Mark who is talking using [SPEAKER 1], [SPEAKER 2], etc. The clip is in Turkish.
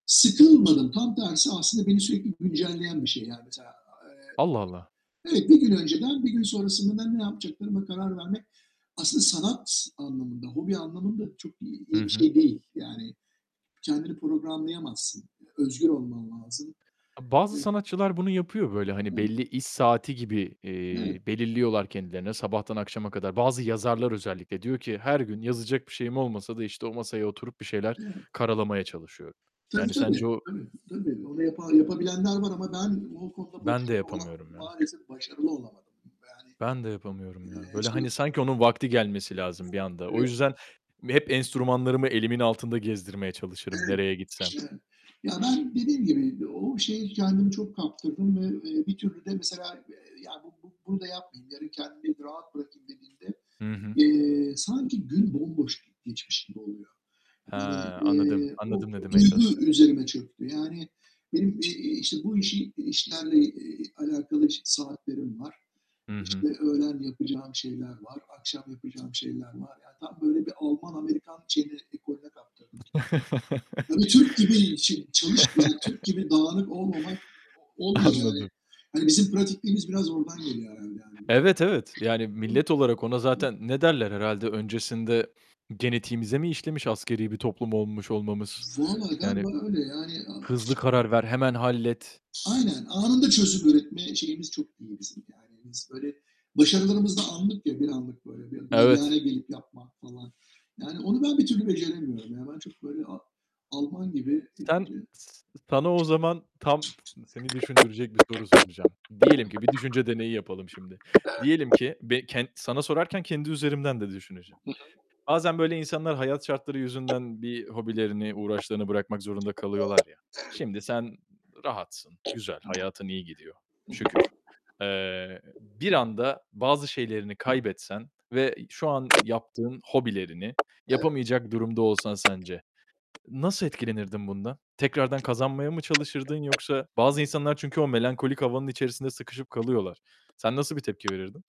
[SPEAKER 1] Sıkılmadım, tam tersi aslında beni sürekli güncelleyen bir şey, yani mesela, eee,
[SPEAKER 2] Allah, Allah!
[SPEAKER 1] evet 1 gün önceden 1 gün sonrasında da ne yapacaklarıma karar vermek aslında sanat anlamında, hobi anlamında çok iyi
[SPEAKER 2] Hı
[SPEAKER 1] iyi bir
[SPEAKER 2] hı.
[SPEAKER 1] şey değil, yani, kendini programlayamazsın. Özgür olman lazım.
[SPEAKER 2] E, bazı
[SPEAKER 1] [unintelligible]
[SPEAKER 2] sanatçılar bunu yapıyor böyle, hani,
[SPEAKER 1] [unintelligible]
[SPEAKER 2] belli iş saati gibi,
[SPEAKER 1] Evet.
[SPEAKER 2] eee, belirliyorlar kendilerine sabahtan akşama kadar. Bazı yazarlar özellikle diyor ki, "Her gün yazacak bir şeyim olmasa da işte o masaya oturup bir şeyler
[SPEAKER 1] Evet.
[SPEAKER 2] karalamaya çalışıyorum."
[SPEAKER 1] Tabii
[SPEAKER 2] yani,
[SPEAKER 1] tabii.
[SPEAKER 2] sence o
[SPEAKER 1] Tabii tabii. Onu yapa yapabilenler var ama ben o konuda
[SPEAKER 2] Ben de
[SPEAKER 1] başarılı ola
[SPEAKER 2] yapamıyorum ya.
[SPEAKER 1] maalesef başarılı olamadım. Yani,
[SPEAKER 2] Ben de yapamıyorum ya.
[SPEAKER 1] eee,
[SPEAKER 2] Böyle
[SPEAKER 1] şey
[SPEAKER 2] hani sanki onun vakti gelmesi lazım
[SPEAKER 1] Evet,
[SPEAKER 2] bir anda. O
[SPEAKER 1] evet.
[SPEAKER 2] yüzden, hep enstrümanlarımı elimin altında gezdirmeye çalışırım
[SPEAKER 1] Evet.
[SPEAKER 2] nereye gitsem.
[SPEAKER 1] [unintelligible] Ya, ben dediğim gibi o şeye kendimi çok kaptırdım ve, eee, bir türlü de mesela ya "Bu bu bunu da yapmayayım, yarın kendimi rahat bırakayım." dediğimde,
[SPEAKER 2] Hı hı.
[SPEAKER 1] eee, sanki gün bomboş geçmiş gibi oluyor.
[SPEAKER 2] He, anladım.
[SPEAKER 1] Eee, bu
[SPEAKER 2] Anladım ne demeye çalıştığını.
[SPEAKER 1] duygu üzerime çöktü yani benim i işte bu işi işlerle, eee, alakalı, eee, saatlerim var,
[SPEAKER 2] Hı hı.
[SPEAKER 1] işte, öğlen yapacağım şeyler var, akşam yapacağım şeyler var, yani tam böyle bir Alman Amerikan şeyini ekolüne kaptırdım. Tabii Türk gibi şey çalışmayan, Türk gibi dağınık olmamak olmuyor yani.
[SPEAKER 2] Anladım.
[SPEAKER 1] Hani bizim pratikliğimiz biraz oradan geliyor herhâlde yani. [unintelligible]
[SPEAKER 2] Evet, evet. Yani, millet olarak ona
[SPEAKER 1] Hı.
[SPEAKER 2] zaten ne derler herhâlde? Öncesinde genetiğimize mi işlemiş askeri bir toplum olmuş olmamız?
[SPEAKER 1] Vallahi
[SPEAKER 2] Yani
[SPEAKER 1] galiba öyle yani
[SPEAKER 2] hızlı karar ver, hemen hallet.
[SPEAKER 1] Aynen, anında çözüp üretme şeyimiz çok iyi bizim yani biz böyle başarılarımız da anlık ya, bir anlık böyle bir
[SPEAKER 2] Evet.
[SPEAKER 1] [unintelligible] gelip yapmak falan yani onu ben bir türlü beceremiyorum, yani, ben çok böyle a Alman gibi
[SPEAKER 2] Sen, s sana o zaman tam seni düşündürecek bir soru soracağım. Diyelim ki bir düşünce deneyi yapalım şimdi. Diyelim
[SPEAKER 1] [unintelligible]
[SPEAKER 2] ki be ken sana sorarken kendi üzerimden de düşüneceğim.
[SPEAKER 1] [unintelligible]
[SPEAKER 2] Bazen böyle insanlar hayat şartları yüzünden bir hobilerini, uğraşlarını bırakmak zorunda kalıyorlar ya.
[SPEAKER 1] [unintelligible]
[SPEAKER 2] Şimdi sen rahatsın, güzel, hayatın iyi gidiyor, şükür. Eee, bir anda bazı şeylerini kaybetsen ve şu an yaptığın hobilerini yapamayacak durumda olsan sence, nasıl etkilenirdin bundan? Tekrardan kazanmaya mı çalışırdın yoksa bazı insanlar çünkü o melankolik havanın içerisinde sıkışıp kalıyorlar. Sen nasıl bir tepki verirdin?